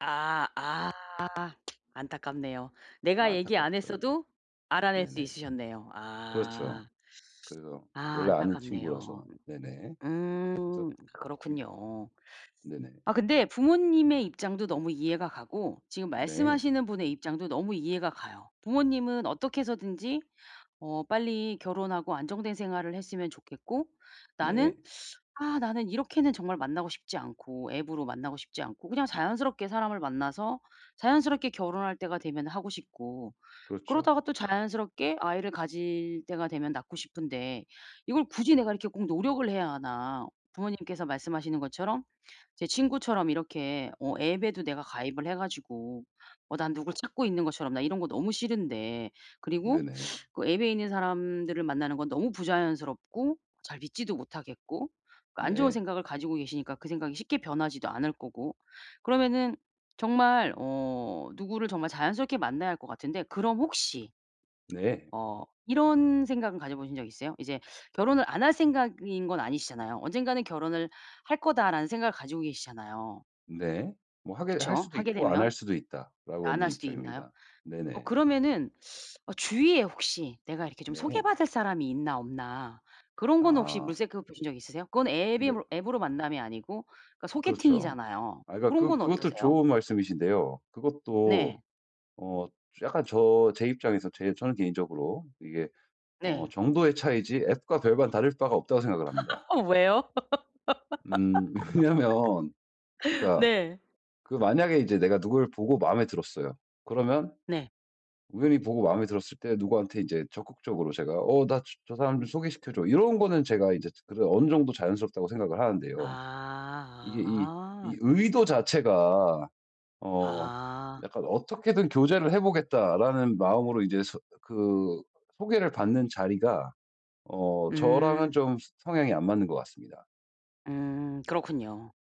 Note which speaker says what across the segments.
Speaker 1: 아 아. 안타깝네요. 내가 얘기 안
Speaker 2: 안타깝죠.
Speaker 1: 했어도 알아낼 수
Speaker 2: 네네.
Speaker 1: 있으셨네요.
Speaker 2: 그렇죠.
Speaker 1: 아.
Speaker 2: 그리고
Speaker 1: 아
Speaker 2: 원래 아는
Speaker 1: 안타깝네요.
Speaker 2: 친구라서 네네. 그래서
Speaker 1: 음.
Speaker 2: 그
Speaker 1: 그렇군요.
Speaker 2: 네네.
Speaker 1: 아 근데 부모님의 입장도 너무 이해가 가고 지금
Speaker 2: 네.
Speaker 1: 말씀하시는 분의 입장도 너무 이해가 가요. 부모님은 어떻게 해서든지 어 빨리 결혼하고 안정된 생활을 했으면 좋겠고 나는
Speaker 2: 네.
Speaker 1: '아 나는 이렇게는 정말 만나고 싶지 않고 앱으로 만나고 싶지 않고 그냥 자연스럽게 사람을 만나서 자연스럽게 결혼할 때가 되면 하고 싶고
Speaker 2: 그렇죠.
Speaker 1: 그러다가 또 자연스럽게 아이를 가질 때가 되면 낳고 싶은데 이걸 굳이 내가 이렇게 꼭 노력을 해야 하나?' 부모님께서 말씀하시는 것처럼 제 친구처럼 이렇게 어 앱에도 내가 가입을 해 가지고 어 난 누굴 찾고 있는 것처럼 나 이런 거 너무 싫은데 그리고
Speaker 2: 네네.
Speaker 1: 그 앱에 있는 사람들을 만나는 건 너무 부자연스럽고 잘 믿지도 못하겠고 그 안 좋은
Speaker 2: 네.
Speaker 1: 생각을 가지고 계시니까 그 생각이 쉽게 변하지도 않을 거고 그러면은 정말 어 누구를 정말 자연스럽게 만나야 할 것 같은데 그럼 혹시
Speaker 2: 네.
Speaker 1: 어 이런 생각은 가져보신 적 있으세요? 이제 결혼을 안 할 생각인 건 아니시잖아요. '언젠가는 결혼을 할 거다.'라는 생각을 가지고 계시잖아요.
Speaker 2: 네. 뭐 하게 할
Speaker 1: 그쵸.
Speaker 2: 수도
Speaker 1: 하게
Speaker 2: 있고 안 할
Speaker 1: 되면
Speaker 2: 수도 있다라고
Speaker 1: 안
Speaker 2: 하는
Speaker 1: 할 수도 있나요?
Speaker 2: 입장입니다.
Speaker 1: 어
Speaker 2: 네네.
Speaker 1: 그러면은 어 주위에 혹시 내가 이렇게 좀 소개
Speaker 2: 네.
Speaker 1: 받을 사람이 있나 없나 그런 거는 혹시
Speaker 2: 아.
Speaker 1: 물색해 보신 적 있으세요? 그건 앱의
Speaker 2: 그니까
Speaker 1: 힘으로 앱으로 만남이 아니고 그러니까
Speaker 2: 그렇죠.
Speaker 1: 소개팅이잖아요.
Speaker 2: 아 그니까
Speaker 1: 고런
Speaker 2: 그
Speaker 1: 건
Speaker 2: 그것도
Speaker 1: 어떠세요?
Speaker 2: 좋은 말씀이신데요. 그것도
Speaker 1: 네.
Speaker 2: 어 약간 저 제 입장에서 제 저는 개인적으로 이게 어
Speaker 1: 네.
Speaker 2: 정도의 차이지 앱과 별반 다를 바가 없다고 생각을 합니다.
Speaker 1: 어 왜요?
Speaker 2: 음. 왜냐면 그러니까
Speaker 1: 네.
Speaker 2: 그 만약에 인제 내가 누굴 보고 마음에 들었어요. 그러면
Speaker 1: 네.
Speaker 2: 우연히 보고 마음에 들었을 때 누구한테 인제 적극적으로 제가 "어 나 저 사람 좀 소개시켜 줘." 이런 거는 제가 인제 그래도 어느 정도 자연스럽다고 생각을
Speaker 1: 아
Speaker 2: 하는데요. 이게 이 이
Speaker 1: 아.
Speaker 2: 의도 자체가 어
Speaker 1: 아.
Speaker 2: 약간 어떻게든 교제를 해 보겠다라는 마음으로 이제 소 그 소개를 받는 자리가 어 저랑은
Speaker 1: 음.
Speaker 2: 좀 성향이 안 맞는 것 같습니다.
Speaker 1: 음. 그렇군요.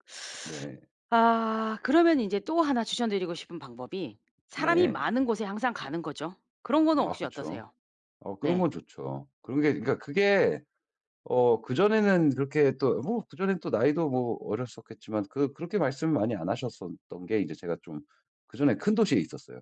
Speaker 2: 네.
Speaker 1: 아 그러면 인제 또 하나 추천드리고 싶은 방법이 사람이
Speaker 2: 네.
Speaker 1: 많은 곳에 항상 가는 거죠. 그런 거는
Speaker 2: 아
Speaker 1: 혹시
Speaker 2: 그쵸.
Speaker 1: 어떠세요?
Speaker 2: 어 그런
Speaker 1: 네.
Speaker 2: 건 좋죠. 그런 게 그니까 그게 어 그전에는 그렇게 또 뭐 그전엔 또 나이도 뭐 어렸었겠지만 그 그렇게 말씀 많이 안 하셨었던 게 이제 제가 좀 그전에 큰 도시에 있었어요.